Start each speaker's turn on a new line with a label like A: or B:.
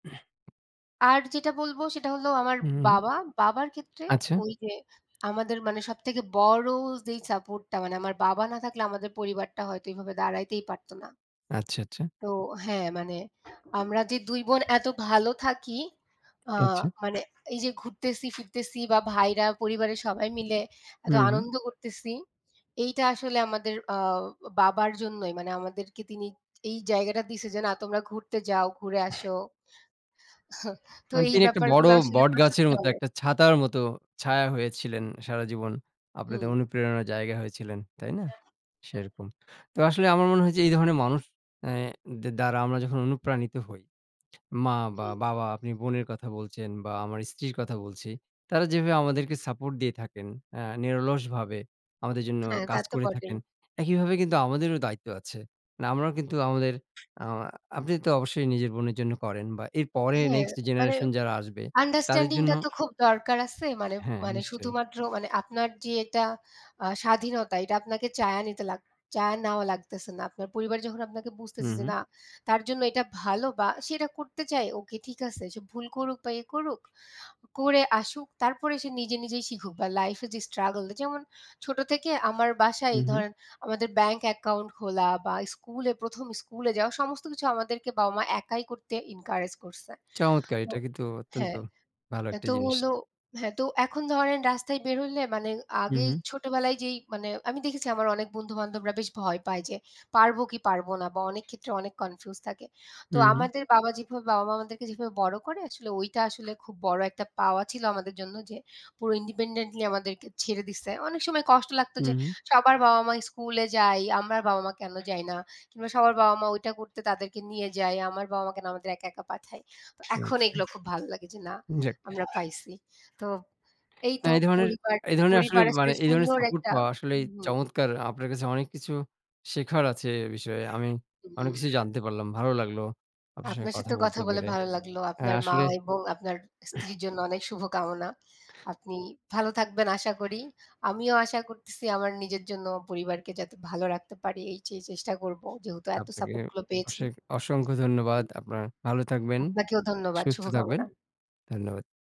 A: আর যেটা বলব, সেটা হলো আমার
B: উ, হু।
A: বাবা, বাবার ক্ষেত্রে
B: আচ্ছা।
A: ওই যে আমাদের মানে সবথেকে বড় যেই সাপোর্টটা, মানে আমার বাবা না থাকলে আমাদের পরিবারটা হয়তো এভাবে দাঁড়াতেই পারত না।
B: আচ্ছা, আচ্ছা।
A: তো হ্যাঁ, মানে আমরা যে ২ বোন এত ভালো থাকি, আ
B: আচ্ছা।
A: মানে এই যে ঘুরতেসি, ফিরতেছি বা ভাইরা, পরিবারের সবাই মিলে
B: উ,
A: এত
B: হুম।
A: আনন্দ করতেসি, এইটা আসলে আমাদের আ বাবার জন্যই। মানে আমাদেরকে তিনি এই জায়গাটা দিছে যে, না, তোমরা ঘুরতে যাও, ঘুরে আসো। তো
B: মানে
A: এই
B: তিনি একটা বড়
A: ব্যাপারগুলো আসলে
B: বট
A: প্রচুর
B: গাছের মতো,
A: চলে।
B: একটা ছাতার মতো ছায়া হয়েছিলেন সারাজীবন। আপনাদের
A: হুম।
B: অনুপ্রেরণার জায়গা হয়েছিলেন, তাই না?
A: এ্যা আ
B: সেরকম তো আসলে আমার মনে হয় যে, এই ধরনের মানুষ অ্যা দে দ্বারা আমরা যখন অনুপ্রাণিত হই, মা বা
A: হুম।
B: বাবা, আপনি বোনের কথা বলছেন বা আমার স্ত্রীর কথা বলছি, তারা যেভাবে আমাদেরকে সাপোর্ট দিয়ে থাকেন, অ্যা নিরলসভাবে আমাদের জন্য
A: হ্যাঁ, তা
B: কাজ
A: তো
B: করে
A: বটেই।
B: থাকেন, একইভাবে কিন্তু আমাদেরও দায়িত্ব আছে। মানে আমরাও কিন্তু আমাদের আমা আপনি তো অবশ্যই নিজের বোনের জন্য করেন বা এর পরে
A: হ্যাঁ,
B: next
A: মানে
B: generation যারা আসবে, তাদের জন্য।
A: understanding-টা তো খুব দরকার আছে, মানে,
B: হ্যাঁ,
A: মানে
B: নিশ্চয়ই।
A: শুধুমাত্র মানে আপনার যে এটা আ স্বাধীনতা, এইটা আপনাকে চেয়ে নিতে লাগ চেয়ে নেওয়া লাগতেছে না। আপনার পরিবার যখন আপনাকে
B: হু,
A: বুঝতেছে যে,
B: হুম।
A: না, তার জন্য এটা ভালো বা সে এটা করতে চায়, ওকে, ঠিক আছে সে ভুল করুক বা ই করুক, করে আসুক। তারপরে সে নিজে নিজেই শিখুক বা লাইফে যে struggle; যেমন, ছোট থেকে আমার বাসায়
B: হু,
A: এই
B: হু।
A: ধরেন আমাদের bank account খোলা বা স্কুলে ১ম স্কুলে যাওয়া, সমস্ত কিছু আমাদেরকে বাবা-মা একাই করতে encourage করসে।
B: চমৎকার।
A: তো
B: এটা কিন্তু অত্যন্ত
A: হ্যাঁ,
B: ভালো
A: এ্যা
B: একটা
A: তো
B: জিনিস।
A: হলো হ্যাঁ, তো এখন ধরেন রাস্তায় বের হইলে মানে
B: হু,
A: আগেই
B: হু।
A: ছোটবেলায় যেই মানে আমি দেখেছি আমার অনেক বন্ধু-বান্ধবরা বেশ ভয় পায় যে, পারব কী পারব না বা অনেক ক্ষেত্রে অনেক confused থাকে।
B: হু,
A: তো
B: হু।
A: আমাদের বাবা যেভাবে, বাবা-মা আমাদেরকে যেভাবে বড় করে, আসলে ওইটা আসলে খুব বড় একটা পাওয়া ছিল আমাদের জন্য যে, পুরো independently আমাদেরকে ছেড়ে দিসে। অনেক সময় কষ্ট লাগত
B: হু,
A: যে,
B: হু।
A: সবার বাবা-মা স্কুলে যায়, আমরার বাবা-মা কেন যায় না? কিংবা সবার বাবা-মা ওইটা করতে তাদেরকে নিয়ে যায়, আমার বাবা-মা কেন আমাদের একা, একা পাঠায়? তো এখন
B: আচ্ছা।
A: এইগুলো খুব ভালো লাগে যে, না,
B: যাক।
A: আমরা পাইসি। তো এই তো।
B: হ্যাঁ, এই ধরনের
A: পরিবার,
B: এই ধরনের আসলে
A: পরিবার, আসলে
B: মানে এই ধরনের
A: সুন্দর
B: সাপোর্ট
A: একটা,
B: পাওয়া আসলেই
A: হুম।
B: চমৎকার। আপনার কাছে অনেক কিছু শেখার আছে এ বিষয়ে। আমি অনেক
A: উম
B: কিছুই জানতে পারলাম। ভালো লাগলো আপনার সঙ্গে
A: আপনার
B: কথা
A: সাথেও কথা
B: বলতে
A: বলে
B: পেরে।
A: ভালো লাগলো।
B: হ্যাঁ,
A: আপনার মা
B: আসলে
A: এবং আপনার স্ত্রীর জন্য অনেক শুভকামনা। আপনি ভালো থাকবেন আশা করি। আমিও আশা করতেসি আমার নিজের জন্য ও পরিবারকে যাতে ভালো রাখতে পারি, এই সেই চেষ্টা করব। যেহেতু এত
B: আপনাকে
A: সাপোর্টগুলো পেয়েছি।
B: অসেক অসংখ্য ধন্যবাদ।
A: [unintelligible]
B: আপনার ভালো থাকবেন,
A: আপনাকেও ধন্যবাদ,
B: সুস্থ থাকবেন।
A: শুভকামনা।
B: ধন্যবাদ।